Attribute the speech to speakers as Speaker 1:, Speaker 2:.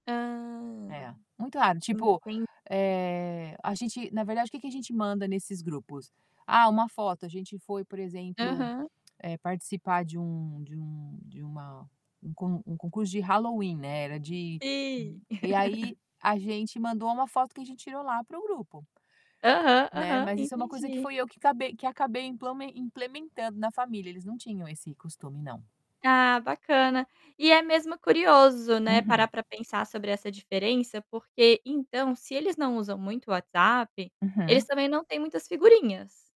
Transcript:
Speaker 1: Hã.
Speaker 2: É, muito raro. Tipo,
Speaker 1: Enten
Speaker 2: eh, a gente, na verdade, o que que a gente manda nesses grupos? "Ah, uma foto". A gente foi, por exemplo,
Speaker 1: Aham.
Speaker 2: eh, participar de um de um de uma um con um concurso de Halloween, né, era de
Speaker 1: Sim.
Speaker 2: e aí, a gente mandou uma foto que a gente tirou lá para o grupo.
Speaker 1: Aham,
Speaker 2: Né,
Speaker 1: aham.
Speaker 2: mas isso é uma coisa que
Speaker 1: Entendi.
Speaker 2: fui eu que cabei que acabei implamen implementando na família, eles não tinham esse costume, não.
Speaker 1: Ah, bacana. E é mesmo curioso, né,
Speaker 2: Uhum.
Speaker 1: parar para pensar sobre essa diferença, porque, então, se eles não usam muito o WhatsApp, eles
Speaker 2: Uhum.
Speaker 1: também não têm muitas figurinhas.